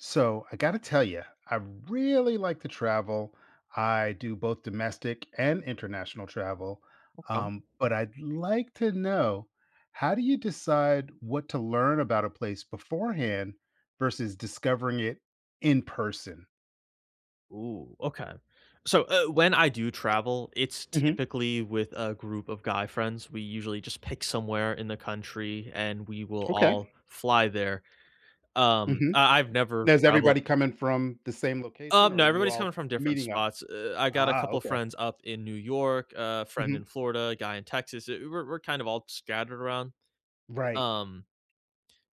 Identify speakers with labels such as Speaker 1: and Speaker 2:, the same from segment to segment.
Speaker 1: So, I gotta tell ya, I really like to travel. I do both domestic and international travel,
Speaker 2: Okay, m
Speaker 1: um, but I'd like to know how do you decide what to learn about a place beforehand versus discovering it in person?
Speaker 2: Ooh, okay, so, eh, when I do travel, it's
Speaker 1: Mhm.
Speaker 2: typically with a group of guy friends. We usually just pick somewhere in the country, and we will
Speaker 1: Okay.
Speaker 2: all fly there. Um,
Speaker 1: Mhm.
Speaker 2: I I've never
Speaker 1: Now, is
Speaker 2: traveled
Speaker 1: everybody coming from the same location,
Speaker 2: Um,
Speaker 1: or are
Speaker 2: no,
Speaker 1: you
Speaker 2: everybody's
Speaker 1: all
Speaker 2: coming from different
Speaker 1: meeting up?
Speaker 2: spots, e eh, I got a
Speaker 1: Ah,
Speaker 2: couple
Speaker 1: okay.
Speaker 2: friends up in New York, a friend in
Speaker 1: Mhm.
Speaker 2: Florida, a guy in Texas; eh, we're we're kind of all scattered around.
Speaker 1: Right.
Speaker 2: Um,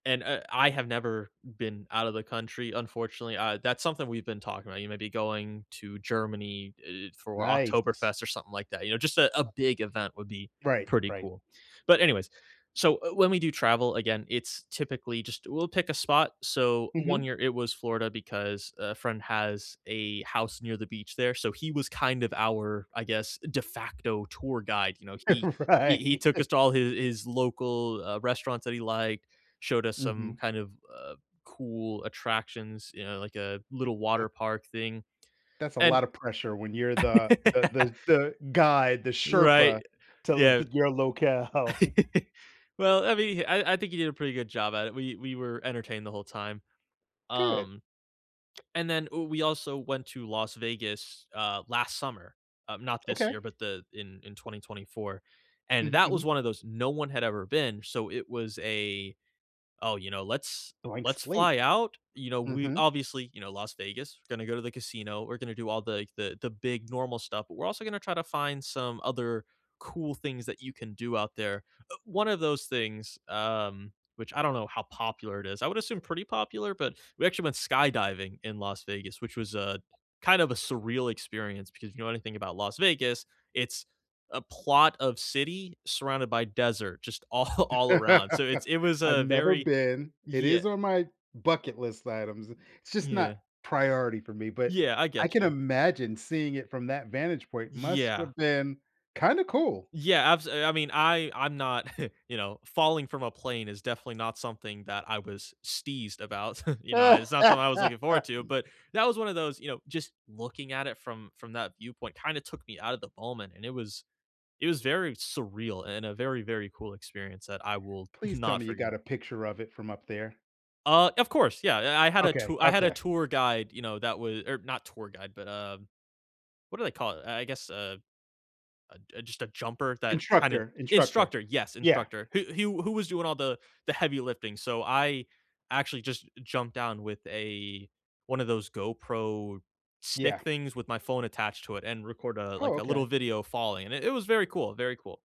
Speaker 2: and, eh, I have never been out of the country, unfortunately. Uh, that's something we've been talking about, you know, maybe going to Germany, eh, for
Speaker 1: Nice.
Speaker 2: Oktoberfest or something like that, you know, just a a big event would be
Speaker 1: [unintelligible] Right,
Speaker 2: pretty
Speaker 1: right.
Speaker 2: cool, but anyways, so, eh, when we do travel, again, it's typically just we'll pick a spot, so, one
Speaker 1: Mhm.
Speaker 2: year, it was Florida because a friend has a house near the beach there, so he was kind of our, I guess, de facto tour guide, you know, he he he
Speaker 1: Right.
Speaker 2: took us to all hi his local, uh, restaurants that he liked, showed us some
Speaker 1: Mhm.
Speaker 2: kind of, uh, cool attractions, you know, like a little
Speaker 1: Uh
Speaker 2: water park thing,
Speaker 1: That's a lot
Speaker 2: and
Speaker 1: of pressure when you're the the the the guy, the Sherpa
Speaker 2: Right,
Speaker 1: to
Speaker 2: yeah.
Speaker 1: th your locale.
Speaker 2: Well, I mean, I I think he did a pretty good job at it; we we were entertained the whole time.
Speaker 1: Good.
Speaker 2: Um, and then, ooh, we also went to Las Vegas, uh, last summer, um, not this year,
Speaker 1: Okay.
Speaker 2: but the in in 2024, and
Speaker 1: Mhm,
Speaker 2: that was
Speaker 1: mhm.
Speaker 2: one of those no one had ever been, so it was a oh, you know, "let's
Speaker 1: Blank
Speaker 2: let's
Speaker 1: slate.
Speaker 2: fly out," you know, we
Speaker 1: Mhm.
Speaker 2: obviously, you know, Las Vegas, gonna go to the casino, we're gonna do all the the the big normal stuff, but we're also gonna try to find some other cool things that you can do out there, uh one of those things, um, which I don't know how popular it is- I would assume pretty popular- but, we actually went skydiving in Las Vegas, which was a kind of a surreal experience because you know anything about Las Vegas, it's a plot of city surrounded by desert just all all around. So, it's it was
Speaker 1: I've
Speaker 2: a
Speaker 1: never
Speaker 2: very
Speaker 1: been. It
Speaker 2: Yeah.
Speaker 1: is on my bucket list items. It's just
Speaker 2: Yeah.
Speaker 1: not priority for me, but
Speaker 2: Yeah, I
Speaker 1: I
Speaker 2: get
Speaker 1: can
Speaker 2: you.
Speaker 1: imagine seeing it from that vantage point must've
Speaker 2: Yeah.
Speaker 1: been kinda cool.
Speaker 2: Yeah, abs I mean, I I'm not you know, falling from a plane is definitely not something that I was steezed about. You know, it's not something I was looking forward to, but that was one of those, you know, just looking at it from from that viewpoint kinda took me out of the moment, and it was it was very surreal and a very, very cool experience that I will
Speaker 1: Please tell
Speaker 2: not
Speaker 1: me you got
Speaker 2: forget.
Speaker 1: a picture of it from up there.
Speaker 2: Uh, of course, yeah, I I had a
Speaker 1: Okay,
Speaker 2: to I had a
Speaker 1: okay.
Speaker 2: tour guide, you know, that wa or not tour guide, but, um- what do they call it- I I guess a a j just a jumper that kinda
Speaker 1: Instructor, instructor.
Speaker 2: Instructor, yes,
Speaker 1: Yeah.
Speaker 2: instructor, h who who was doing all the the heavy lifting, so I actually just jumped down with a one of those GoPro
Speaker 1: Yeah.
Speaker 2: stick things with my phone attached to it and record a
Speaker 1: Oh,
Speaker 2: like, a
Speaker 1: okay.
Speaker 2: little video falling, and it it was very cool, very cool.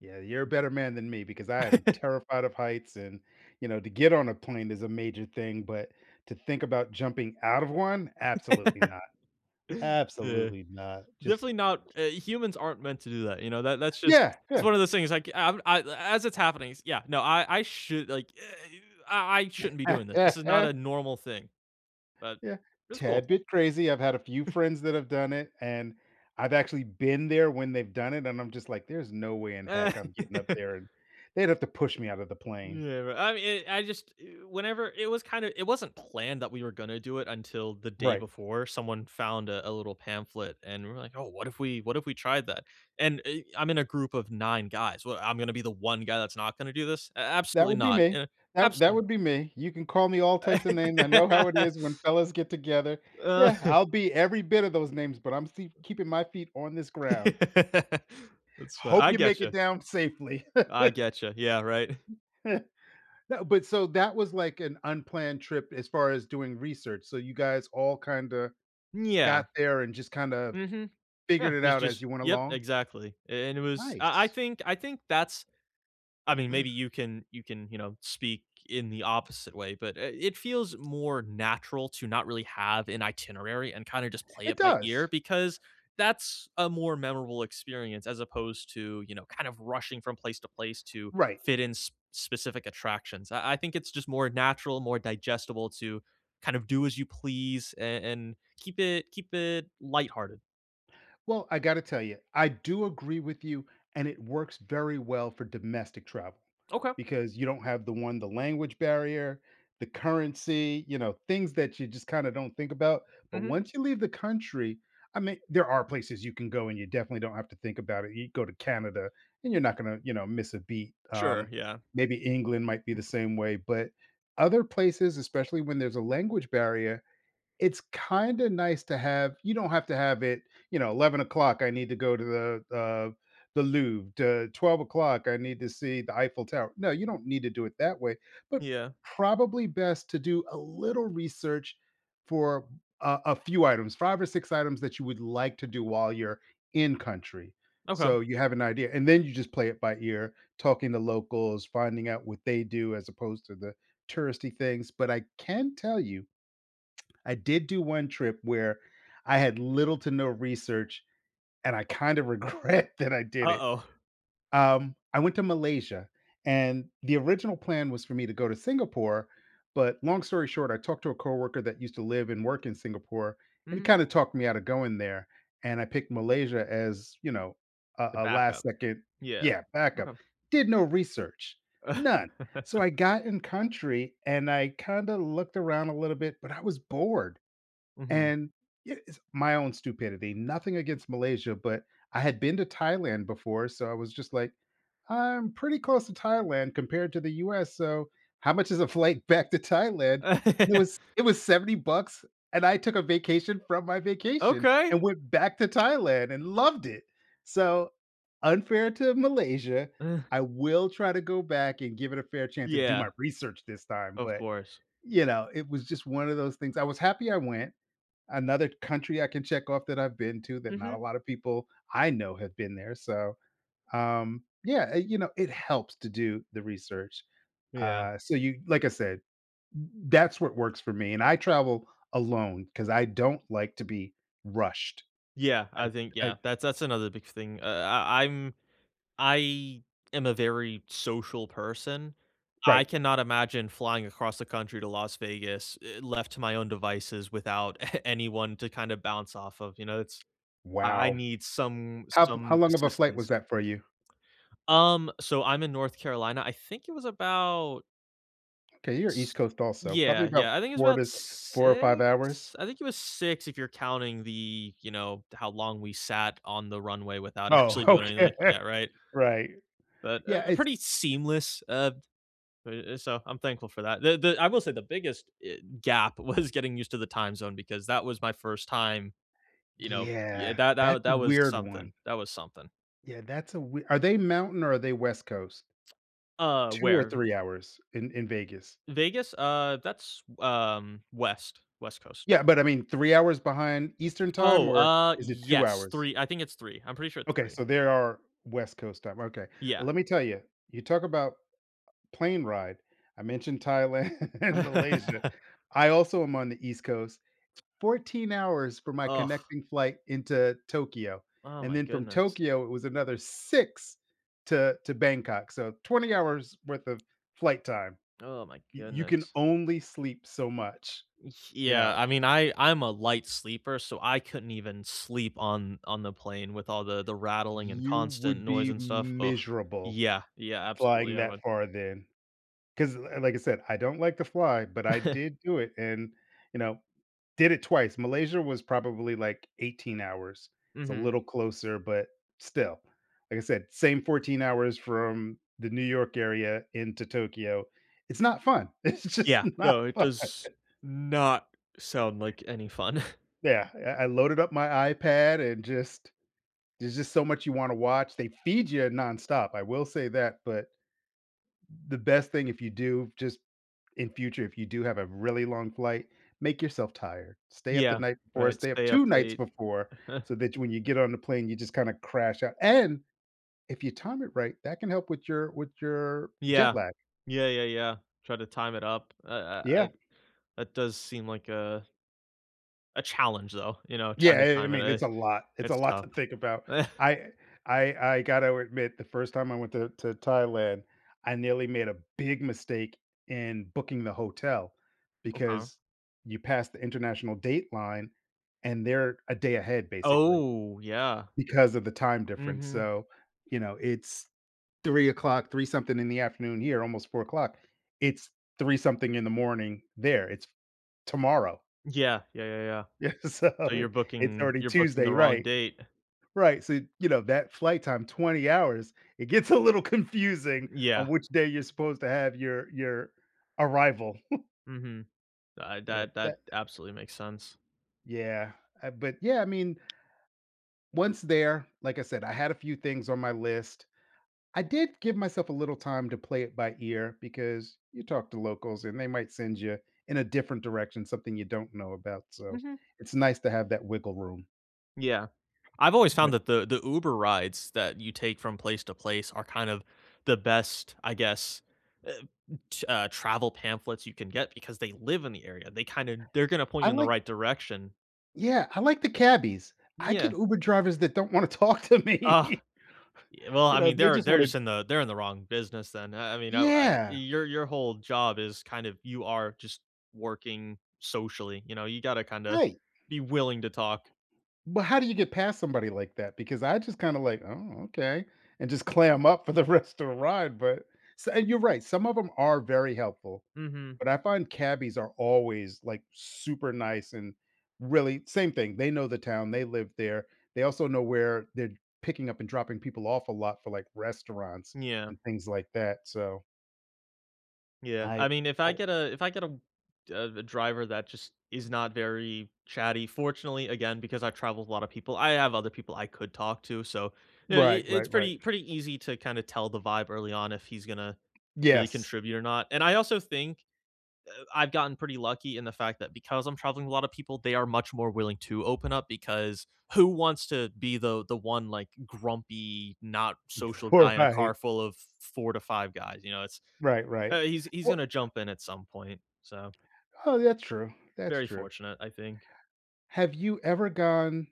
Speaker 1: Yeah, you're a better man than me because I am terrified of heights and, you know, to get on a plane is a major thing, but, to think about jumping out of one? Absolutely not.
Speaker 2: Yeah.
Speaker 1: Absolutely not, just
Speaker 2: Definitely not uh, humans aren't meant to do that, you know? That that's just
Speaker 1: Yeah,
Speaker 2: it's
Speaker 1: yeah.
Speaker 2: one of those things I can I m I a as it's happening s Yeah, no, I I should like I I shouldn't be doing this, this is not a normal thing, but
Speaker 1: Yeah.
Speaker 2: it's
Speaker 1: Tad
Speaker 2: cool.
Speaker 1: bit crazy. I've had a few friends that have done it, and I've actually been there when they've done it, and I'm just like, "There's no way in heck I'm getting up there." They'd have to push me out of the plane.
Speaker 2: Yeah, but I mean, I just eh, whenever it was kinda it wasn't planned that we were gonna do it until the day
Speaker 1: Right.
Speaker 2: before someone found a a little pamphlet and we're like, "Oh, what if we what if we tried that?" And, uh, I'm in a group of 9 guys. Well, I'm gonna be the 1 guy that's not gonna do this? A
Speaker 1: That
Speaker 2: absolutely
Speaker 1: would be
Speaker 2: not,
Speaker 1: me.
Speaker 2: eh,
Speaker 1: That that
Speaker 2: absolutely
Speaker 1: would
Speaker 2: not.
Speaker 1: be me. You can call me all types of names, I know how it is when fellas get together. Yeah, I'll be every bit of those names, but I'm see keeping my feet on this ground.
Speaker 2: That's fa
Speaker 1: Hope
Speaker 2: I
Speaker 1: you make it
Speaker 2: gotcha.
Speaker 1: down safely.
Speaker 2: I gotcha, yeah, right.
Speaker 1: No, but so that was, like, an unplanned trip as far as doing research. So, you guys all kinda
Speaker 2: Mm, yeah.
Speaker 1: got there and just kinda
Speaker 2: Mhm.
Speaker 1: figured
Speaker 2: Yeah,
Speaker 1: it
Speaker 2: it's
Speaker 1: out as
Speaker 2: just
Speaker 1: you went
Speaker 2: Yep,
Speaker 1: along?
Speaker 2: exactly, a and it was I I
Speaker 1: Nice.
Speaker 2: think I think that's I mean, maybe you can you can, you know, speak in the opposite way, but, eh, it feels more natural to not really have an itinerary and kinda just play
Speaker 1: It
Speaker 2: it by ear
Speaker 1: does.
Speaker 2: because that's a more memorable experience as opposed to, you know, kind of rushing from place to place to
Speaker 1: Right.
Speaker 2: fit in sp specific attractions; I I think it's just more natural, more digestible to kind of do as you please and and keep it keep it lighthearted.
Speaker 1: Well, I gotta tell you, I do agree with you, and it works very well for domestic travel,
Speaker 2: Okay.
Speaker 1: because you don't have the one the language barrier, the currency, you know, things that you just kinda don't think about. But
Speaker 2: Mhm.
Speaker 1: once you leave the country, I mean, there are places you can go and you definitely don't have to think about it, you can go to Canada, and you're not gonna, you know, miss a beat.
Speaker 2: Sure,
Speaker 1: Um,
Speaker 2: yeah.
Speaker 1: maybe England might be the same way. But, other places, especially when there's a language barrier, it's kinda nice to have you don't have to have it, you know, "11:00, I need to go to the uh, the Louvre. The 12:00, I need to see the Eiffel Tower." No, you don't need to do it that way, but
Speaker 2: Yeah.
Speaker 1: probably best to do a little research for a a few items, 5 or 6 items that you would like to do while you're in country;
Speaker 2: Okay.
Speaker 1: so you have an idea. And then you just play it by ear, talking to locals, finding out what they do as opposed to the touristy things. But I can tell you, I did do one trip where I had little to no research, and I kind of regret that I did it.
Speaker 2: Uh-oh.
Speaker 1: Um, I went to Malaysia, and the original plan was for me to go to Singapore, but, long story short, I talked to a coworker that used to live and work in Singapore, and he
Speaker 2: Mhm.
Speaker 1: kinda talked me out of going there. And I picked Malaysia as, you know, a
Speaker 2: The
Speaker 1: a last
Speaker 2: backup.
Speaker 1: 2nd
Speaker 2: Yeah.
Speaker 1: yeah, backup.
Speaker 2: Okay.
Speaker 1: Did no research. None! So I got in country, and I kinda looked around a little bit, but I was bored.
Speaker 2: Mhm.
Speaker 1: And, yeah it's my own stupidity, nothing against Malaysia, but I had been to Thailand before, so I was just like, "I'm pretty close to Thailand, compared to the US, so how much is a flight back to Thailand?" It was it was 70 bucks, and I took a vacation from my vacation,
Speaker 2: Okay.
Speaker 1: and went back to Thailand and loved it. So, unfair to Malaysia,
Speaker 2: Eh.
Speaker 1: I will try to go back and give it a fair chance, and do my
Speaker 2: Yeah.
Speaker 1: research this time,
Speaker 2: Of
Speaker 1: but,
Speaker 2: course.
Speaker 1: you know, it was just one of those things. I was happy I went. Another country I can check off that I've been to that not a
Speaker 2: Mhm.
Speaker 1: lotta people I know have been there. So, um, yeah, eh, you know, it helps to do the research.
Speaker 2: Yeah.
Speaker 1: Uh, so you like I said, t t that's what works for me. And I travel alone 'cause I don't like to be rushed.
Speaker 2: Yeah, I think
Speaker 1: I I
Speaker 2: yeah. That's that's another big thing. Uh, I I'm I am a very social person, I
Speaker 1: Right.
Speaker 2: cannot imagine flying across the country to Las Vegas, eh, left to my own devices without anyone to kinda bounce off of, you know, it's I I
Speaker 1: Wow.
Speaker 2: need some
Speaker 1: How how
Speaker 2: some
Speaker 1: long of a flight was
Speaker 2: assistance.
Speaker 1: that for you?
Speaker 2: Um, so I'm in North Carolina. I think it was about
Speaker 1: 'Kay, you're East
Speaker 2: S
Speaker 1: Coast also. Probably
Speaker 2: Yeah,
Speaker 1: about
Speaker 2: yeah, I think it was
Speaker 1: 4
Speaker 2: about
Speaker 1: to 4, 5
Speaker 2: 6?
Speaker 1: hours?
Speaker 2: I think it was 6 if you're counting the you know, th how long we sat on the runway without
Speaker 1: Oh,
Speaker 2: actually doing
Speaker 1: okay.
Speaker 2: anything. Yeah, right?
Speaker 1: Right.
Speaker 2: But,
Speaker 1: Yeah.
Speaker 2: um,
Speaker 1: It's
Speaker 2: pretty seamless, um, eh eh, so I'm thankful for that. The the I will say the biggest, eh, gap was getting used to the time zone because that was my first time you know Yeah,
Speaker 1: Yeah.
Speaker 2: tha
Speaker 1: That
Speaker 2: tha that was
Speaker 1: weird one.
Speaker 2: something, that was something.
Speaker 1: Yeah. That's a we are they mountain or are they West Coast?
Speaker 2: Uh,
Speaker 1: 2 or
Speaker 2: where d
Speaker 1: 3 hours in in Vegas?
Speaker 2: Vegas? Uh. That's, um, West, West Coast.
Speaker 1: Yeah, but, I mean, 3 hours behind Eastern Time,
Speaker 2: Oh!
Speaker 1: or
Speaker 2: Ah,
Speaker 1: is it 2
Speaker 2: yes.
Speaker 1: hours?
Speaker 2: 3 I think it's 3, I'm pretty sure it's
Speaker 1: Okay,
Speaker 2: 3.
Speaker 1: so, there are West Coast time, okay.
Speaker 2: Yeah.
Speaker 1: Lemme tell ya, you talk about a plane ride, I mentioned Thailand and Malaysia. I also am on the East Coast, t 14 hours for my
Speaker 2: Ugh.
Speaker 1: connecting flight into Tokyo,
Speaker 2: Oh
Speaker 1: and
Speaker 2: my
Speaker 1: then from
Speaker 2: goodness.
Speaker 1: Tokyo, it was another 6 to to Bangkok, so, 20 hours worth of flight time.
Speaker 2: Oh my
Speaker 1: Y you can
Speaker 2: goodness.
Speaker 1: only sleep so much, you
Speaker 2: Yeah,
Speaker 1: know?
Speaker 2: I mean, I I'm a light sleeper, so, I couldn't even sleep on on the plane with all the the rattling and
Speaker 1: You
Speaker 2: constant
Speaker 1: would
Speaker 2: noise
Speaker 1: be
Speaker 2: and stuff, ugh.
Speaker 1: miserable
Speaker 2: Yeah, yeah,
Speaker 1: flying
Speaker 2: absolutely, I
Speaker 1: that
Speaker 2: would.
Speaker 1: far then. 'cause, uh, like I said, I don't like to fly, but I did do it and, you know did it twice. Malaysia was probably, like, 18 hours, it's a
Speaker 2: Mhm.
Speaker 1: little closer, but still like I said, same 14 hours from the New York area into Tokyo, it's not fun! It's just
Speaker 2: Yeah,
Speaker 1: not
Speaker 2: no, it
Speaker 1: fun.
Speaker 2: does not sound like any fun.
Speaker 1: Yeah, I I loaded up my iPad and just there's just so much you wanna watch. They feed ya nonstop, I will say that, but the best thing if you do just in future, if you do have a really long flight, make yourself tired, stay up the
Speaker 2: Yeah.
Speaker 1: night before,
Speaker 2: Right,
Speaker 1: stay up
Speaker 2: stay up
Speaker 1: 2 nights
Speaker 2: late.
Speaker 1: before, so that when you get on the plane, you just kinda crash ou and if you time it right, that can help with your with your jet
Speaker 2: Yeah.
Speaker 1: lag.
Speaker 2: Yeah, yeah, yeah. Try to time it up. Ah ah ah,
Speaker 1: Yeah.
Speaker 2: that does seem like a a challenge, though, you know,
Speaker 1: Yeah,
Speaker 2: trying to
Speaker 1: I I
Speaker 2: time it,
Speaker 1: mean,
Speaker 2: eh.
Speaker 1: it's a lot it's a
Speaker 2: It's
Speaker 1: lot to
Speaker 2: tough.
Speaker 1: think about. I I I gotta admit the first time I went to to Thailand, I nearly made a big mistake in booking the hotel
Speaker 2: Okay.
Speaker 1: because you passed the international dateline, and they're a day ahead, basically,
Speaker 2: Oh, yeah.
Speaker 1: because of the time difference,
Speaker 2: Mhm.
Speaker 1: so, you know, it's 03:00, three-something in the afternoon here, almost 04:00. It's three-something in the morning there, it's tomorrow.
Speaker 2: Yeah. Yeah, yeah, yeah.
Speaker 1: Yeah, so
Speaker 2: So, you're
Speaker 1: it it's
Speaker 2: booking
Speaker 1: already
Speaker 2: you're booking the
Speaker 1: Tuesday,
Speaker 2: wrong
Speaker 1: right.
Speaker 2: date.
Speaker 1: Right. So, you know, that flight time, 20 hours, it gets a little confusing
Speaker 2: Mm,
Speaker 1: on
Speaker 2: yeah.
Speaker 1: which day you're supposed to have your your arrival.
Speaker 2: Mhm. Ah,
Speaker 1: Yep,
Speaker 2: that
Speaker 1: that
Speaker 2: that absolutely makes sense.
Speaker 1: Yeah. Ah, but yeah, I mean, once there- like I said, I had a few things on my list- I did give myself a little time to play it by ear because you talk to locals, and they might send ya in a different direction, something you don't know about, so,
Speaker 2: Mhm.
Speaker 1: it's nice to have that wiggle room.
Speaker 2: Yeah. I've always found
Speaker 1: [unintelligible]
Speaker 2: that the the Uber rides that you take from place to place are kind of the best, I guess, eh t uh, travel pamphlets you can get because they live in the area, they kinda they're gonna point
Speaker 1: I
Speaker 2: you in the
Speaker 1: like
Speaker 2: right direction.
Speaker 1: Yeah, I like the cabbies. I get
Speaker 2: Yeah.
Speaker 1: Uber drivers that don't wanna talk to
Speaker 2: Ugh.
Speaker 1: me.
Speaker 2: Y well,
Speaker 1: You
Speaker 2: I
Speaker 1: know,
Speaker 2: mean,
Speaker 1: they
Speaker 2: they're
Speaker 1: just
Speaker 2: they're
Speaker 1: wanna
Speaker 2: just in the they're in the wrong business then, I I mean, I w I
Speaker 1: Yeah.
Speaker 2: your your whole job is kind of you are just working socially, you know? You gotta kinda
Speaker 1: Right.
Speaker 2: be willing to talk.
Speaker 1: But how do you get past somebody like that, because I just kinda like, "Oh, okay," and just clam up for the rest of the ride, but so and you're right, some of them are very helpful,
Speaker 2: Mhm.
Speaker 1: but I find cabbies are always, like, super nice and really same thing, they know the town, they live there, they also know where they're picking up and dropping people off a lot for, like, restaurants
Speaker 2: N yeah.
Speaker 1: and things like that, so
Speaker 2: Yeah.
Speaker 1: I
Speaker 2: I mean, if I get
Speaker 1: [unintelligible]
Speaker 2: a if I get, uh, a a driver that just is not very chatty, fortunately again because I've traveled with a lot of people, I have other people I could talk to so uh eh i
Speaker 1: Right,
Speaker 2: it's
Speaker 1: right, right.
Speaker 2: pretty pretty easy to kinda tell the vibe early on if he's gonna really
Speaker 1: Yes.
Speaker 2: contribute or not, and I also think, eh, I've gotten pretty lucky in the fact that because I'm traveling with a lot of people, they are much more willing to open up because who wants to be the the one, like, grumpy, not social guy in a
Speaker 1: Right.
Speaker 2: car full of 4 to 5 guys, you know, it's
Speaker 1: Right, right.
Speaker 2: uh he's he's
Speaker 1: O
Speaker 2: gonna jump in at some point, so
Speaker 1: Oh, that's true, that's
Speaker 2: very
Speaker 1: true.
Speaker 2: fortunate, I think.
Speaker 1: Have you ever gone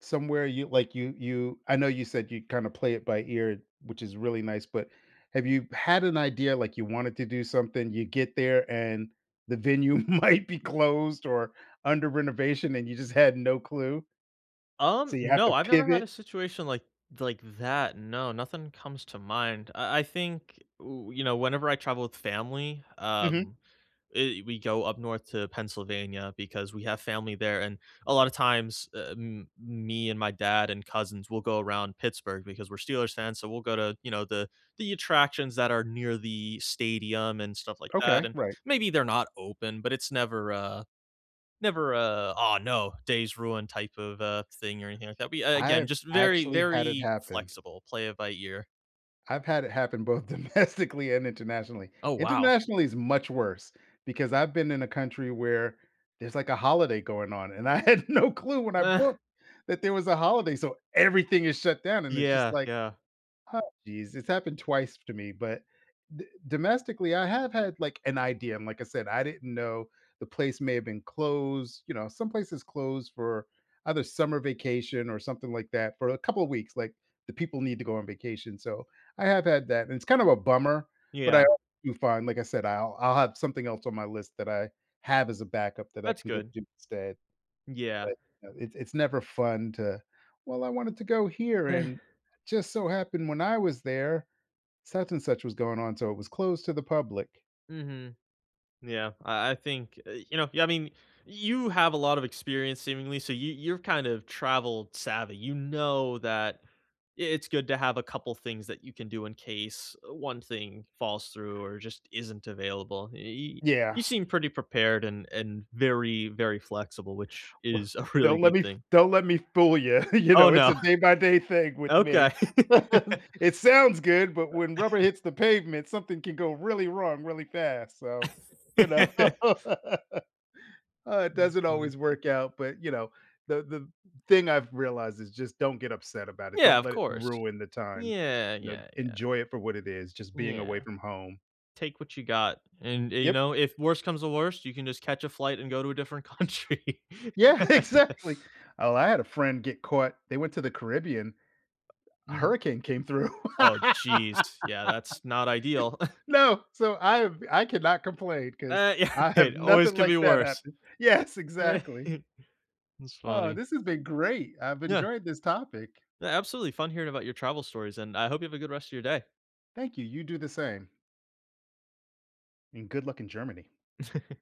Speaker 1: somewhere you like, you you I know you said you'd kinda play it by ear, which is really nice, but have you had an idea, like, you wanted to do something, you get there and the venue might be closed or under renovation and you just had no clue? So
Speaker 2: Um,
Speaker 1: you have
Speaker 2: no,
Speaker 1: to
Speaker 2: I've never had a
Speaker 1: pivot?
Speaker 2: situation like like that, no, nothing comes to mind. I I think, ooh you know, whenever I travel with family,
Speaker 1: Mhm.
Speaker 2: um, eh we go up north to Pennsylvania because we have family there, and a lot of times, eh m me and my dad and cousins will go around Pittsburgh because we're Steelers fans, so we'll go to, you know, the the attractions that are near the stadium and stuff like that,
Speaker 1: Okay,
Speaker 2: and
Speaker 1: right.
Speaker 2: maybe they're not open, but it's never a never a, "Aw, no, day's ruined," type of, uh, thing or anything like that, but again,
Speaker 1: I've
Speaker 2: just very,
Speaker 1: actually had it
Speaker 2: very
Speaker 1: happen.
Speaker 2: flexible, play it by ear.
Speaker 1: I've had it happen both domestically and internationally.
Speaker 2: Oh, wow.
Speaker 1: Internationally is much worse because I've been in a country where there's, like, a holiday going on, and I had no clue when I booked that there was a holiday, so everything is shut down, and it's just,
Speaker 2: Yeah,
Speaker 1: like,
Speaker 2: yeah.
Speaker 1: "Oh, jeez," it's happened twice to me, but d domestically, I have had, like, an idea, and like I said, I didn't know the place may have been closed, you know, some places close for either summer vacation or something like that for a couple weeks, like, the people need to go on vacation. So, I have had that, and it's kind of a bummer, but I
Speaker 2: Yeah.
Speaker 1: al do fine, like I said, I'll I'll have something else on my list that I have as a backup that I
Speaker 2: That's
Speaker 1: can go
Speaker 2: good.
Speaker 1: do instead.
Speaker 2: Yeah.
Speaker 1: But, no, it's it's never fun to "Well, I wanted to go here and just so happened when I was there, such and such was going on, so it was closed to the public."
Speaker 2: Mhm. Yeah, I I think, uh, you know yeah, I mean you have a lot of experience seemingly so y you're kind of travel savvy, you know that i it's good to have a couple things that you can do in case, uh, one thing falls through or just isn't available. Y
Speaker 1: Yeah.
Speaker 2: you seem pretty prepared and and very, very flexible, which
Speaker 1: Uh,
Speaker 2: is a really
Speaker 1: don't let
Speaker 2: good
Speaker 1: me f
Speaker 2: thing.
Speaker 1: don't let me fool you. You
Speaker 2: Oh,
Speaker 1: know, it's a
Speaker 2: no.
Speaker 1: day by day thing with
Speaker 2: Okay.
Speaker 1: me. It sounds good, but when rubber
Speaker 2: Uh
Speaker 1: hits the pavement, something can go really wrong really fast, so, you know uh, it doesn't
Speaker 2: Honestly.
Speaker 1: always work out, but, you know, the the thing I've realized is just don't get upset about it;
Speaker 2: Yeah,
Speaker 1: don't
Speaker 2: of
Speaker 1: let it
Speaker 2: course.
Speaker 1: ruin the time.
Speaker 2: Yeah,
Speaker 1: You know,
Speaker 2: yeah, yeah.
Speaker 1: enjoy it for what it is, just being away
Speaker 2: Yeah.
Speaker 1: from home.
Speaker 2: Take what you got, and, uh you
Speaker 1: Yep.
Speaker 2: know, if worse comes to worst, you can just catch a flight and go to a different country.
Speaker 1: Yeah, exactly. Oh, I had a friend get caught They went to the Caribbean, a
Speaker 2: Mm.
Speaker 1: hurricane came through.
Speaker 2: Oh, jeez. Yeah, that's not ideal.
Speaker 1: No, so I have I cannot complain 'cause
Speaker 2: Uh, yeah.
Speaker 1: I
Speaker 2: Hey,
Speaker 1: have
Speaker 2: it always
Speaker 1: nothing
Speaker 2: could
Speaker 1: like
Speaker 2: be
Speaker 1: that
Speaker 2: worse.
Speaker 1: happen Yes, exactly.
Speaker 2: That's
Speaker 1: Oh,
Speaker 2: funny.
Speaker 1: this has been great. I've
Speaker 2: Yeah.
Speaker 1: enjoyed this topic.
Speaker 2: Absolutely fun hearing about your travel stories, and I hope you have a good rest of your day.
Speaker 1: Thank you. You do the same. And good luck in Germany.